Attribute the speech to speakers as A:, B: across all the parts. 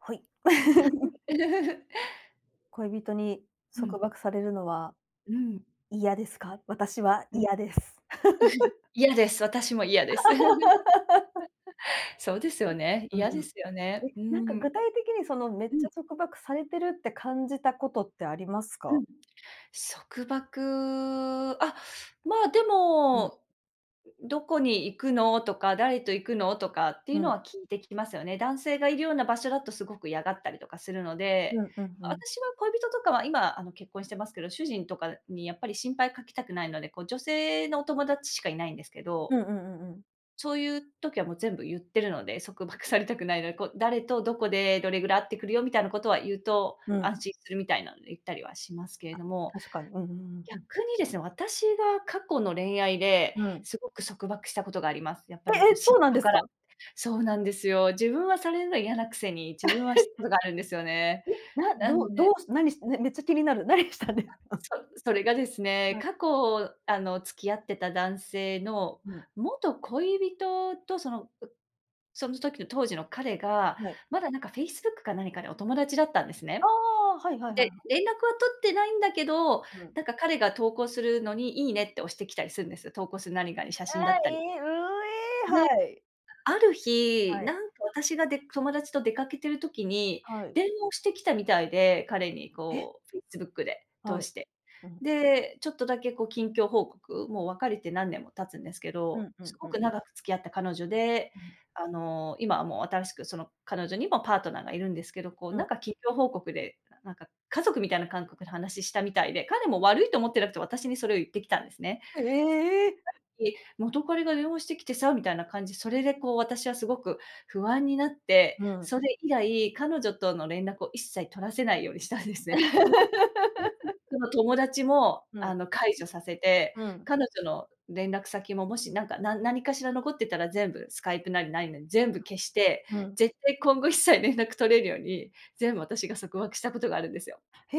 A: はい。恋人に
B: う
A: 束
B: ん。
A: 縛されるのは
B: うーん。
A: 嫌ですか？私は
B: うん。
A: 嫌です。
B: 嫌です。私も嫌です。そうですよ
A: う
B: ね。
A: ん、う
B: 嫌で
A: ーん。
B: すよね。
A: え、
B: うー
A: なんか
B: ん。
A: 具体的に、その、め
B: う
A: っちゃ
B: ん。
A: 束縛されてるって感じたことってあります
B: う
A: か？
B: ん、束縛、あ、まあ、で
A: うん。
B: も、どこに行くのとか、誰と行くの？とかってい
A: う
B: うの
A: ん。
B: は聞いてきますよね。男性がいるような場所だとすごく嫌がったりとかするので、
A: うんうんうん。
B: 私は恋人とかは、今、あの、結婚してますけど、主人とかにやっぱり心配かけたくないので、こう、女性のお友達しかいないんですけど。
A: うんうんうんうん。
B: そういう時はもう全部言ってるので、束縛されたくないので、こ、誰とどこでどれぐらい会ってくるよみたいなことは言うと、
A: うん。
B: 安心するみたいなんで言ったりはしますけれ
A: あ、
B: ども。
A: 確かに。うんうんうん、ふん。
B: 逆にですね、私が過去の恋愛で、
A: うん。
B: すごく束縛したことがあります。やっぱ
A: え
B: り、こ、
A: え、
B: 嫉
A: そうなん
B: 妬
A: です
B: から。
A: か？
B: そうなんですよ。自分はされるのは嫌なくせに、自分はしたことがあるんですよ ね。
A: え、な
B: な
A: ど
B: の
A: う
B: では
A: どうし何
B: い。
A: しめっちゃ気になる、何したんです
B: な
A: か？
B: そそれがですね、
A: はい。
B: 過去、あの、付き合ってた男性の
A: うん。
B: 元恋人と、そのう、その時の当時の彼が、
A: はい。
B: まだなんか Facebook か何かでお友達だったんです
A: あ
B: ね。
A: あ、はいはいはい
B: で、
A: はい。
B: 連絡は取ってないんだけど、
A: うん。
B: なんか彼が投稿するのに「いいね」って押してきたりするんです。投稿する何かに、写
A: あ
B: 真だっ
A: あ、い
B: たり。
A: い、うう、ええ、
B: で、
A: はい。
B: ある日、
A: はい。
B: なんか、私がで友達と出かけてる時に、
A: はい。
B: 電話をしてきたみたいで、彼に、
A: え。
B: こう、Facebook で通
A: はい。
B: して。
A: うん。
B: で、ちょっとだけ、こ、近況報告、もう別れて何年も経つんですけ
A: う
B: ど、
A: んう
B: す
A: んう
B: ごく
A: ん。
B: 長く付き合った彼女で、
A: うん。
B: あの、今はもう新しくその彼女にもパートナーがいるんですけど、こう、
A: う
B: なん
A: ん。
B: か近況報告で、ななんか家族みたいな感覚で話したみたいで、彼も悪いと思ってなくて私にそれを言ってきたんですね。ささっ
A: ええ。
B: き、元カノが電話してきてさ、みたいな感じ、それで、こう、私はすごく不安になって、
A: うん。
B: それ以来、彼女との連絡を一切取らせないようにしたんですね。もう Facebook の友達も、
A: ふ
B: あ
A: ん。
B: の、解除させて、
A: うん。
B: 彼女の連絡先も、もし、なんか、な何かしら残ってたら、全部スカイプなり何なり、全部消して、
A: うんうん。
B: 絶対今後一切連絡取れるように、全部私が束縛したことがあるんですよ。
A: へ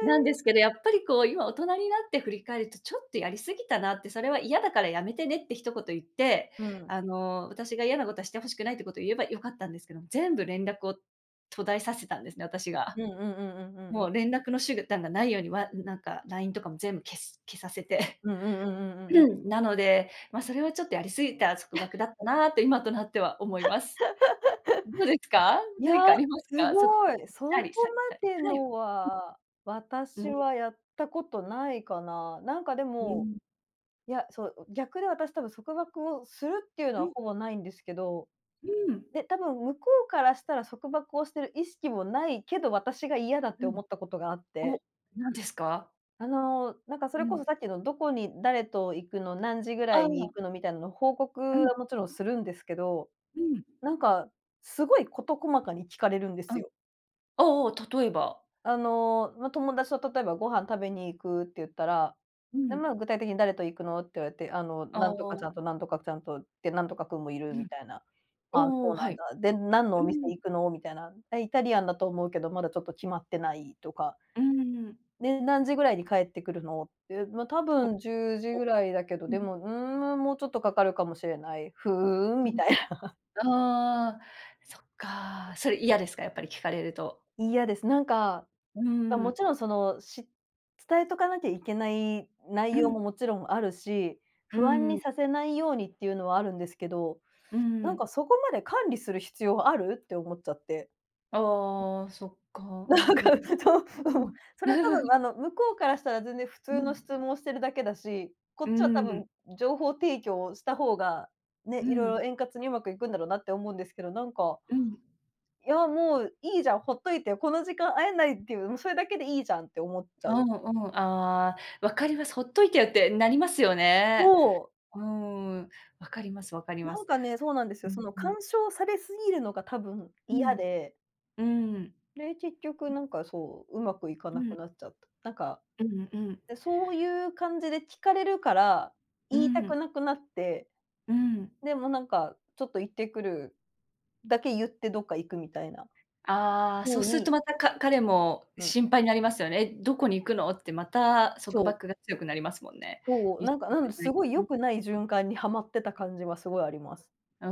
B: なんですけど、やっぱり、こう、今大人になって振り返ると、ちょっとやり過ぎたなって。それは嫌だからやめてねって一言言って、
A: うん。
B: あの、私が嫌なことはしてほしくないってことを言えば良かったんですけども、全部連絡を途絶えさせたんですね、私が。
A: うんうんうんうんうんう
B: も
A: ん。
B: う連絡の手段がないようにはなんか、LINE とかも全部消す消させて。
A: うんうんうんうんうんうん。
B: なので、ま、それはちょっとやり過ぎた束縛 だったなと今となっては思います。どうです か？
A: いや、
B: 何かあります
A: す
B: か？束縛
A: ごい。
B: し
A: そ
B: た
A: こ
B: りされたり。
A: まで
B: はい。
A: の
B: [unintelligible]
A: は
B: うー
A: 私
B: ん。
A: はやったことないかな。なんか、で
B: うー
A: も、
B: ん。
A: いや、そう、ん、逆で私、多分束縛をするっていうの
B: う
A: は
B: ん。
A: ほぼないんですけど
B: うーん。
A: で、で、多分向こうからしたら束縛をしてる意識もないけど、私が嫌だっ
B: う
A: て
B: うん。
A: 思ったことがあっ
B: お、
A: て。
B: 何ですか？
A: あの、なんかそ
B: う
A: れこ
B: ん。
A: そさっきの、「どこに、誰と行くの？何時ぐら
B: あ、
A: い
B: う
A: に行
B: わ。
A: くの？」みたいなの、報告
B: うん。
A: はもちろんするんですけど、
B: うん。
A: なんか、すごい事細かに聞かれるんです
B: うん。
A: よ。
B: ああああ、例えば？
A: あの、ま、友達と、例えば、ご飯食べに行くって言ったら、
B: う
A: で、
B: ん。
A: まあ、具体的に、「誰と行くの？」って言われて、あの、
B: あ
A: なんとかち
B: あ。
A: ゃんとなんとかちゃんと、で、なんとかくんもいる
B: う
A: み
B: ん。
A: たいな。
B: お
A: 「あ、
B: おお
A: そ
B: お、
A: う
B: は
A: なん
B: い。
A: だ。で、何のお
B: う
A: 店
B: ん。
A: 行くの？」みたいな。「え、イタリアンだと思うけど、まだちょっと決まってない」とか。
B: うーん。
A: で、「何時ぐらいに帰ってくるの？」って。「ま、多分10時
B: お。お。
A: ぐらいだけど、
B: うん。
A: でも、うーん、む、もうちょっとかかるかもしれない」「ふーん」
B: な
A: み
B: る
A: たいな。
B: ほああ。そっか。それ嫌ですか？やっぱり聞かれると。
A: 嫌です。なんか、
B: うー
A: あ、も
B: ん。
A: ちろんその、し伝えとかなきゃいけない
B: う
A: 内容
B: ん。
A: も、もちろんあるし、
B: う
A: 不安
B: ー
A: に
B: ん。
A: させないようにっていうのはあるんですけど、
B: うー
A: なん
B: ん。
A: か「そこまで管理する必要はある？」って思っちゃって。
B: ああ、そっか。う
A: な
B: ん
A: ん
B: う
A: か、
B: ん。
A: ちょちょっ
B: う
A: と。
B: む。
A: それは多分、あ の、向こうからしたら全然普
B: う
A: 通の
B: ん。
A: 質問してるだけだし、こ
B: う
A: っちは多
B: ー
A: 分
B: ん。
A: 情報提供した方が、ね、
B: う
A: 色
B: ん。
A: 々円滑に上手くいくんだろうなって思うんですけど、なんか、
B: うん。
A: いやもういいじゃん、ほっといて。この時間会えないっていう、もうそれだけでいいじゃんって思っちゃ
B: あ、う
A: う。
B: んうん、ああ、分かります。ほっといてよってなりますよね。
A: そう。
B: うーん。分かります分かりま
A: なん
B: す。
A: かね、そうなんです
B: う
A: よ。そ
B: ん
A: の
B: うん。
A: 干渉されすぎるのが多分、
B: うん。
A: 嫌で
B: うーん。
A: で、結局なんかそう、上手くいか
B: う
A: な
B: ん。
A: くなっちゃった。なんか、
B: うんうん。
A: で、そうゆう感じで聞かれるから、
B: うー
A: 言いたく
B: ん。
A: なくなって、
B: うーん。
A: で、もう、なんか、「ちょっと行ってくる」だけ言って、どっか行くみたいな
B: ああ、そう
A: 風
B: すると
A: に
B: また、か彼も
A: うん。
B: 心配なりますよね。「え、どこに行くの？」ってまた
A: そ
B: 束
A: う。
B: 縛が強くなりますもんね。
A: そう。
B: 一
A: なんか、
B: 緒
A: な
B: で
A: ん
B: な
A: す
B: い
A: ごい良
B: と。
A: くない循環にハマってた感じはすごいあります。
B: うー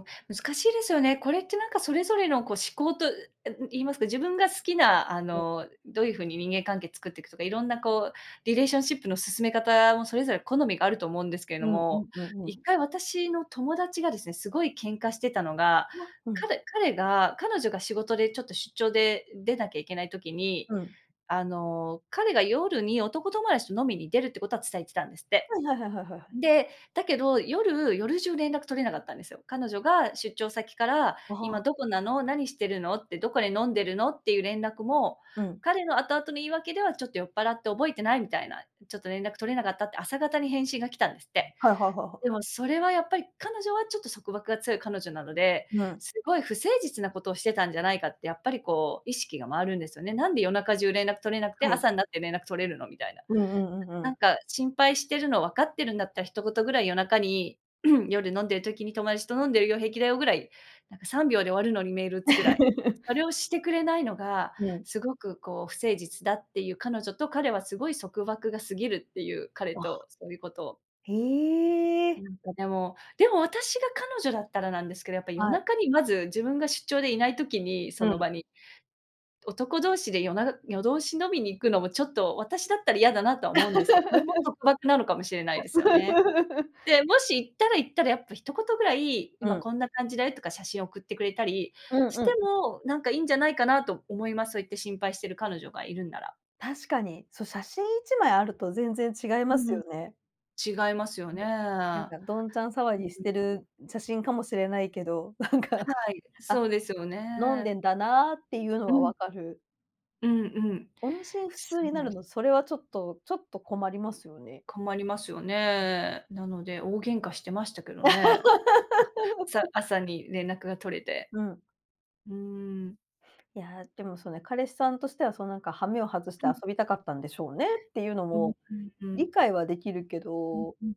B: ん。難しいですよね。これってなんかそれぞれの、こう、思考と、え、う、言いますか、自分が好きな、あ
A: うん。
B: の、どういう風に人間関係作ってくとか、いろんなこう、リレーションシップの進め方もそれぞれ好みがあると思うんですけど
A: うんう
B: も、
A: んうんう
B: いっ
A: ん。
B: かい、私の友達がですね、すごい喧嘩してたのが、
A: わ、うん。
B: 彼彼が、彼女が仕事でちょっと出張で出なきゃいけない時に、
A: うん。
B: あの、彼が夜に男友達と飲みに出るってことは伝えてたんですって。
A: はいはいはいはいはいはい。
B: で、だけど、夜夜じゅう連絡取れなかったんですよ。彼女が出張先から、
A: あ、は
B: 「今
A: あ。
B: どこなの？何してるの？」って、「どこで飲んでるの？」っていう連絡も、
A: うん。
B: 彼の後々の言い訳では、ちょっと酔っぱらって覚えてないみたいな、ちょっと連絡取れなかったって朝方に返信が来たんですって。
A: はいはいはいは
B: で
A: い。
B: もそれはやっぱり、彼女はちょっと束縛が強い彼女なので、
A: うん。
B: すごい不誠実なことをしてたんじゃないかって、やっぱりこう、意識がまわるんですよね。「なんで夜中じゅう連絡取れなくて、
A: はい。
B: 朝になって連絡取れるの？」みたいな。
A: うんうんうんう
B: ななん
A: ん。
B: か、心配してるの分かってるんだった、一言ぐらい夜中に、夜、飲んでる時に、「友達と飲んでるよ、平気だよ」ぐらい、なんか、3秒で終わるのに、メール打つくらい。そ れをしてくれないのが、
A: うん。
B: すごく、こう、不誠実だってゆう彼女と、彼はすごい束縛が過ぎるってゆう、彼
A: わ。
B: と、そうゆうことを
A: へえ。
B: なんかでもでも、私が彼女だったらなんですけど、やっぱ夜
A: はい。
B: 中にまず自分が出張でいない時に、そ
A: う
B: の
A: ん。
B: 場に、男同士で夜な夜通し飲みに行くのもちょっと、私だったら嫌だなとは思うんですけこれも 束縛なのかもしれないですよね。で、もし行ったら、行ったでやっぱ、一言ぐらい、
A: う
B: 「今
A: ん。
B: こんな感じだよ」とか写真送ってくれたり
A: うん
B: し
A: う
B: て
A: ん。
B: も、なんか、いんじゃないかなと思います。そうやって心配してる彼女がいるんなら。
A: 確かに。そ、写真、1枚あると全然違い
B: う
A: ます
B: ん、ん。
A: よね。
B: 違いますよ
A: うん。
B: ね。うん
A: なんか
B: う
A: どんちゃん騒ぎし
B: ん。
A: てる写真かもしれないけど、なんか、
B: はい。そ
A: あ、
B: うですよ
A: 飲ん
B: ね。
A: でんだなってゆうの
B: う
A: は
B: ん。
A: 分かる。
B: うんうん。
A: 音信不
B: そ
A: 通に
B: う
A: な
B: なん
A: る
B: です
A: の、それは
B: よ。
A: ちょっと、ちょっと困りますよね。
B: 困りますよ
A: うん。
B: ね。なので大喧嘩してましたけどね。朝 朝に連絡が取れて。
A: うん。
B: うーん。
A: いや、でもそうね、彼氏さんとしては、そのなんか羽目を外し
B: う
A: て遊
B: ん。
A: びたかったんでしょうね、っていうの
B: うん
A: も
B: うんうん。
A: 理解はできるけ
B: うん
A: ど
B: うん。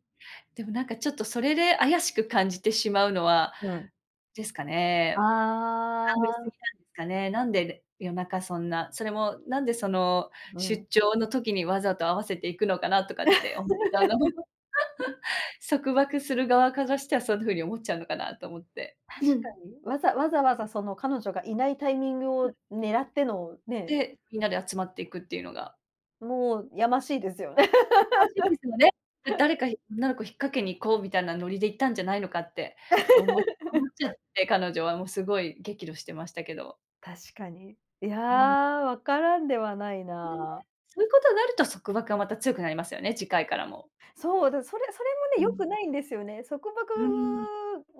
B: でもなんかちょっとそれで怪しく感じてしまうのは
A: うん。
B: ですかね、
A: あ
B: 考えすぎ
A: あ。
B: なんですかね、なんで夜中、そんな、それもなんでその、
A: う
B: 出
A: ん。
B: 張の時にわざと合わせて行くのかなとかって思ったんだも。束縛する側からしてはそんな風に思っちゃうのかなと思って。
A: 確か に、わざわざわざその彼女がいないタイミング
B: うん。
A: を狙っての、ね。
B: で、みんなで集まって行くっていうのが
A: もうやましいですよね。
B: やましいですよね。誰か、ひ女の子引っ掛けに行こうみたいなノリで行ったんじゃないのかって、おも思っ ちゃって、彼女はもうすごい激怒してましたけど。
A: 確かに。いや、
B: うん。
A: わからんではない
B: うん、ね。
A: な。
B: そういうことになると束縛がまた強くなりますよね、次回からも。
A: そう、だからそれ、それも
B: う
A: ね、良く
B: ん。
A: ないんですよね。束縛
B: うーん。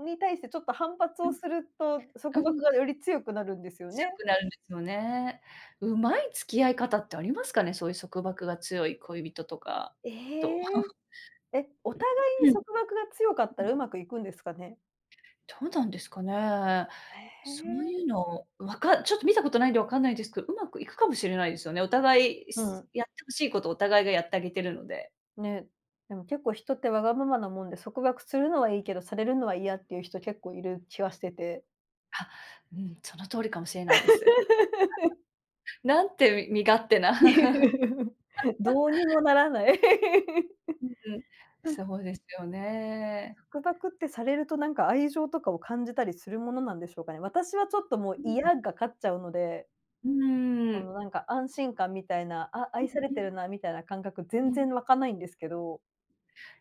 A: に対してちょっと反発
B: う
A: を
B: ん。
A: すると、
B: う
A: 束
B: ん。
A: 縛がより強くなるんですよ
B: 強
A: ね。
B: くなるんですよね。うまい付き合い方ってありますかね、そういう束縛が強い恋人とか、
A: え
B: と。
A: え。え、お互いに束縛が強かった ら、うまくいくんですかね？
B: どうなんですかね。
A: え
B: そう
A: え。
B: いうの。わかちょっと、見たことないんで、わかんないですけど。うまくいくかもしれないですよね。お互い、
A: う
B: す
A: ん。
B: やって欲しいことを、お互いがやってあげてるので。
A: ね。でも結構、人ってわがままなもんで、束縛するのはいいけど、されるのは嫌、っていう人、結構いる気がしてて
B: あ、うん。その通りかもしれないです。なんて、み身勝手な。
A: どうにも ならない。
B: うんうん。
A: うん。
B: そうですよね。
A: 束縛って、されると、なんか、愛情とかを、感じたりするものなんでしょうかね？私はちょっと、も
B: う
A: う、
B: ん。
A: 嫌が勝っちゃうので
B: うー
A: そ
B: ん。
A: の、なんか、安心感みたいな。あ、
B: うん
A: 愛され
B: う
A: て
B: ん。
A: るな、みたいな感覚、
B: う
A: 全
B: ん。
A: 然わかないんですけど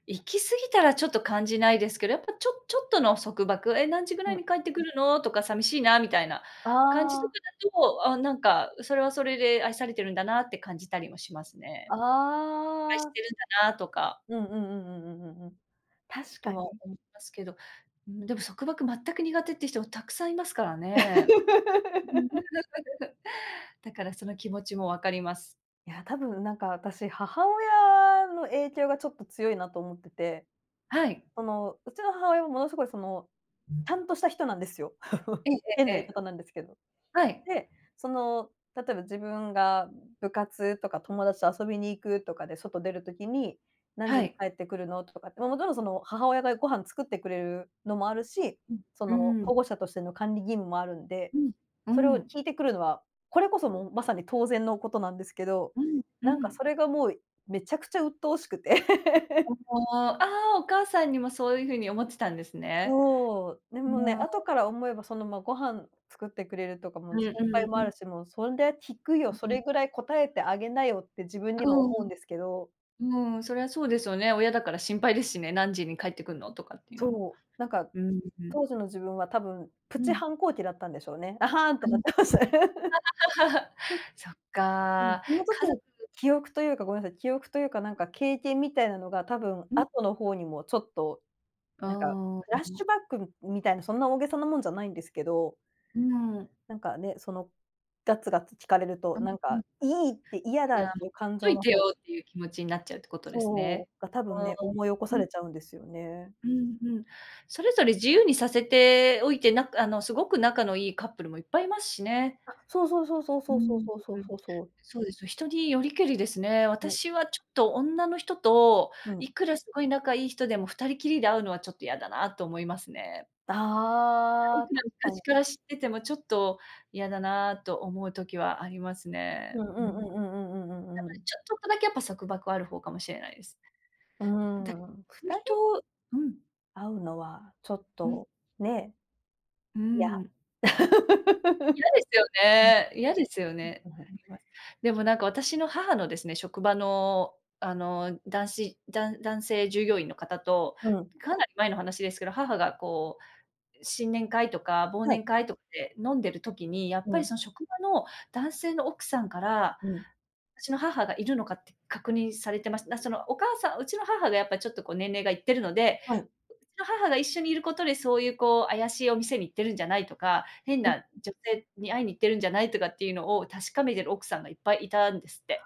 B: 行き過ぎたら、ちょっと、感じないですけど。やっぱ、ちょっちょっとの束縛、え、何時ぐら
A: う
B: い
A: ん。
B: に帰ってくるの？とか、寂しいな、みたいな感じと
A: あ
B: か
A: あ。
B: だと、あ、なんか、それはそれで、愛されてるんだなって、感じたりもしますね。心配し
A: ああ。
B: てるんだな、とか。
A: うんうんうんうんうんうんうん。確
B: と
A: か
B: は、
A: に。
B: 思いますけど。うん。でも、束縛、全く苦手っていう人も、たくさんいますからね。だから、その気持ちもわかります。
A: いや、多分、なんか、私、母親の影響がちょっと、強いなと思ってて。
B: はい。
A: その、うちの母親は、ものすごい、その、
B: うん。
A: ちゃんとした人なんですよ。
B: ええ
A: 変
B: えええ
A: な言い
B: え。
A: 方なんですけど。
B: はい。
A: で、その、例えば、自分が、部活とか、友達と遊びに行くとかで、外出る時に、何
B: は
A: 時に
B: い。
A: 帰ってくるの？とかって。もちろんその、母親が、ご飯作ってくれるのもあるし、
B: う
A: その、
B: んうん。
A: 保護者としての、管理義務もあるんで。
B: うんう
A: それを
B: ん。
A: 聞いてくるのは、これこそもう、まさに、当然のことなんですけど。
B: うんう
A: なんかそ
B: ん。
A: れがもう、めちゃくちゃうっとうしくて。
B: お お、ああ。お母さんにも、そういうふうに思ってたんですね。
A: そう。で
B: う
A: もね、
B: ん。
A: 後から思えば、その、ま、ご飯作ってくれるとか
B: う
A: も、
B: んう
A: 心配
B: ん
A: も
B: う
A: あ
B: ん。
A: るし。もう、そりゃ聞くよ。そ
B: うん。
A: れぐらい答えてあげなよって、自分には、
B: うーん。
A: 思うんですけど
B: うーん。そりゃ、そうですよね。親だから、心配ですしね。何時に帰ってくるの、とかっていうのも。
A: そう。なんか、
B: うーん。
A: 当時の自分は、多分、プ
B: う
A: チ
B: ん。
A: 反抗期だったんでしょうね。あはんって
B: う
A: な
B: ん。
A: ってましたね。
B: そっ
A: うん。
B: か。
A: その
B: 家
A: 時の
B: 族
A: 記憶というかごめんなさい、記憶というか、なんか、経験みたいなのが、多分、
B: うん。
A: 後の方にも、ちょっと、
B: ああ。
A: なんか、
B: う
A: フラッシ
B: ん。
A: ュバック、みみたいな。そんな、大げさなもんじゃないんですけど
B: うん。
A: なんかね。その、ガツガツ聞かれる
B: あ
A: と、
B: あ、
A: なん
B: う
A: か、
B: ん。
A: いいって。嫌
B: い
A: だっ
B: や、ほ
A: ていう
B: っ
A: 感
B: と
A: 情
B: い
A: の
B: て
A: 方
B: よっていう、気持ちになっちゃうってことです
A: そ
B: ね。
A: うか、多分ね、思い起こ
B: う
A: さ
B: ん。
A: れちゃうんですよね。
B: うんうん。それぞれ、自由にさせておいて、なかあの、すごく仲のいいカップルも、いっぱいいますしね。
A: あ、そうそうそうそう
B: うー
A: そ
B: ん、う
A: うそう
B: ん
A: そうそ
B: う
A: う
B: ん。
A: そうそう。
B: そうですね。人によりけりですね。
A: ね。
B: 私はちょっと、女の人と、
A: うん。
B: いくら、すごい仲いい人でも、2人きりで会うのはちょっと、嫌だなと思いますね。い
A: ああ、
B: くら、
A: 確か
B: 昔か
A: に。
B: ら知ってても、ちょっと、嫌だなと、思う時はありますね。
A: うんう
B: うん。な
A: んう
B: ので、
A: んうんうんうんうんうん。
B: ちょちょっとだけ、やっぱ、束縛はある方かもしれないです。
A: うー
B: だけど、
A: ん。
B: そ
A: ふ
B: ういう
A: たり
B: 人うん。
A: 会うのはちょっ
B: うん。
A: とね。
B: うー
A: いや。
B: ん。嫌ですよね嫌ですよね。
A: うんうん。うん。う、は。
B: あります。でもなんか私の母のですね、職場の、あの、男子だん男性従業員の方と、
A: うん。
B: かなり前の話ですけど、母がこう新年会とか忘
A: はい。
B: 年会とかで飲んでる時に、やっ
A: う
B: ぱり
A: ん。
B: その職場の男性の奥さんから、
A: うん。
B: うちの母がいるのかって確認されてます。なそのお母さんうちの母がやっぱちょっとこう年齢がいってるので、
A: はい。
B: うちの母が一緒にいることで、そういうこう怪しいお店に行ってるんじゃないとか、変
A: うん
B: な
A: うん。
B: 女性に会いに行ってるんじゃないとかっていうのを確かめてる奥さんがいっぱいいたんですって。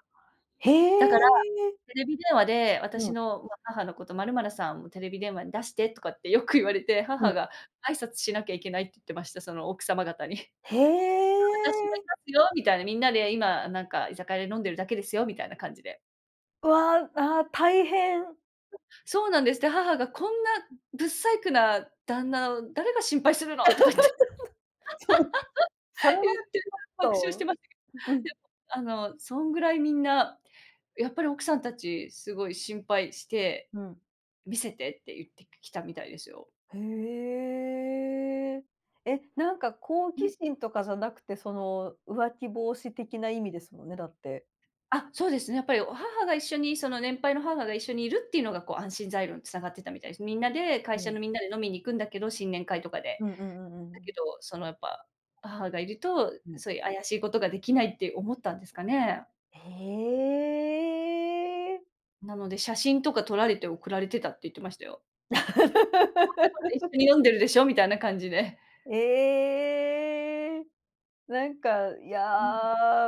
A: へ
B: だから、
A: え！
B: テレビ電話で、
A: う
B: 私
A: ん。
B: の、うわ、母のこと、「まるまるさんもテレビ電話に出して」とかってよく言われて
A: う
B: 母
A: ん。
B: が「挨拶しなきゃいけない」って言ってました。その奥様方に。
A: へ
B: 「私もい
A: え！
B: ますよ」みたいに、みんなで今なんか居酒屋で飲んでるだけですよ。みたいな感じで。
A: わあ、ああ、大変。
B: そうなんです。で、母が「こんな
A: うん。
B: 不細工な旦那を誰が心配するの」とか言って
A: そう、それはち
B: 言って、
A: ょっ
B: 爆笑して
A: と
B: まい
A: う
B: や、
A: ん。
B: あのそんぐらいみんな、やっぱり奥さんたち、すごい心配して、
A: うん。
B: 「見せて」って言ってきたみたいですよ。
A: へえ、え、なんか好
B: う
A: 奇
B: ん。
A: 心とかじゃなくて、その浮気防止的な意味ですもんね、だって。
B: あ、そうですね。やっぱり、お母が一緒にその年配の母が一緒にいるっていうのがこう安心材料に繋がってたみたいです。みんなで、会
A: う
B: 社
A: ん。
B: のみんなで飲みに行くんだけど、新年会とかで。
A: うんうんうんう
B: だ
A: ん。
B: けど、そのやっぱ、母がいると、
A: うん。
B: そういう怪しいことができないって思ったんですかね。
A: へえ。
B: なので、写真とか撮られて送られてたって言ってましたよ。どこどこで一 緒に飲んでるでしょ、みたいな感じで。
A: ええ。なんか、い
B: う
A: や
B: ん。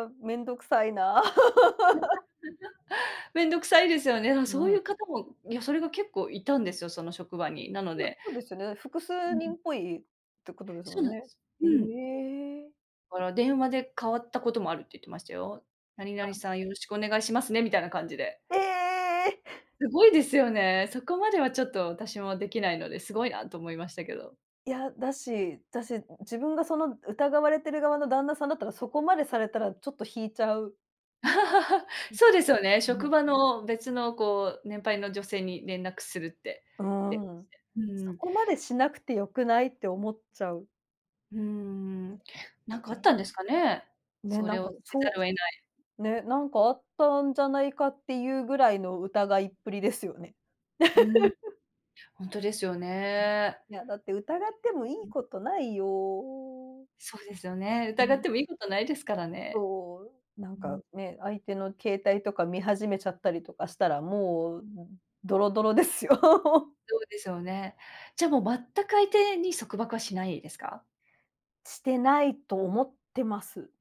A: あ、面倒くさいな。
B: めんどくさいですよね。ああ、
A: う
B: そうい
A: ん。
B: う方もいや、それが結構いたんですよ、その職場に。なの
A: そう、
B: で
A: そうですよね、複
B: う
A: 数
B: ん。
A: 人っぽいってことです
B: そ
A: も
B: うな
A: ん
B: んで
A: ね。
B: す。
A: へ
B: うん。
A: え。
B: から、「電話で変わったこともある」って言ってましたよ。「何々
A: あ。
B: さん、よろしくお願いしますね」みたいな感じで。
A: ええ！
B: すごいですよね。そこまではちょっと私もできないので、すごいなと思いましたけど。
A: いや、だしだし自分がその疑われてる側の旦那さんだったらそこまでされたらちょっと引いちゃう。う
B: そうですよね。
A: ん、ま
B: 職
A: あ。
B: 場の、別のこう、年配の女性に連絡するって。
A: う
B: 電話し
A: ん。
B: て。う
A: そ
B: ん。
A: こまでしなくてよくないって思っちゃう。
B: うーん。
A: え
B: なんかあったん
A: え。
B: ですかね。
A: ね、
B: そ
A: な
B: れ
A: ん
B: を
A: か、
B: せざ
A: そ
B: るを得ない。
A: うね、なんかあったんじゃないかっていうぐらいの疑いっぷりですよね。
B: うーん。ほんとですよね。
A: いや、だって疑っても良
B: う
A: い
B: ん。
A: ことないよ。
B: そうですよね。
A: う
B: 疑っ
A: ん。
B: ても良いことないですからね。
A: そう。なん
B: う
A: か
B: ん。
A: ね、相手の携帯とか見始めちゃったりとかしたら、もう、ドロドロですよ。
B: そうですよね。じゃもう全く相手に、束縛はしないですか？
A: してないと思ってます。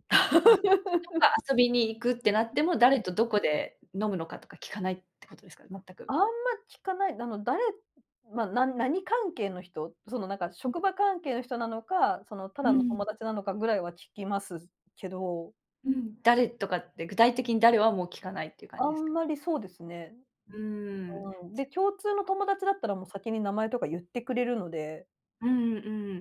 B: あ。じゃ、どっか 遊びに行くってなっ
A: ん、
B: ても、誰
A: うん。
B: とどこで飲むのかとか聞かないってことですかね、全く。
A: あんま聞かない。なの、誰ま、な何関係の人。そのなんか
B: うん。
A: 職場関係の人なのか、そのた
B: う
A: だの
B: ん。
A: 友達なのかぐらいは聞きますけど。
B: うん。誰とかって具体的に誰はもう聞かないっていう感
A: あ
B: じですか？
A: んまりそうですね。
B: うーん。
A: うん、で、
B: す
A: 共通の友達だったらもう先に名前とか言ってくれるので
B: うんうん。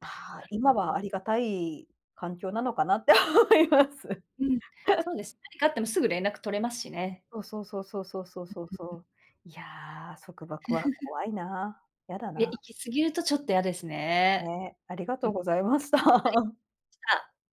A: あ
B: な
A: あ、
B: るほ
A: 今は
B: ど。
A: ありがたい環境なのかなって思います。
B: うん、そうです。何かあってもすぐ連絡取れますしね。
A: そうそうそうそうそうそう
B: うん
A: そう
B: うん
A: そ
B: うん。
A: う。いや、束縛は 怖いな、嫌だ
B: いや、
A: な。
B: 行き過ぎるとちょっと嫌ですね。
A: ね。ありがと
B: うん、
A: う
B: はい、
A: ございました。
B: ありし た。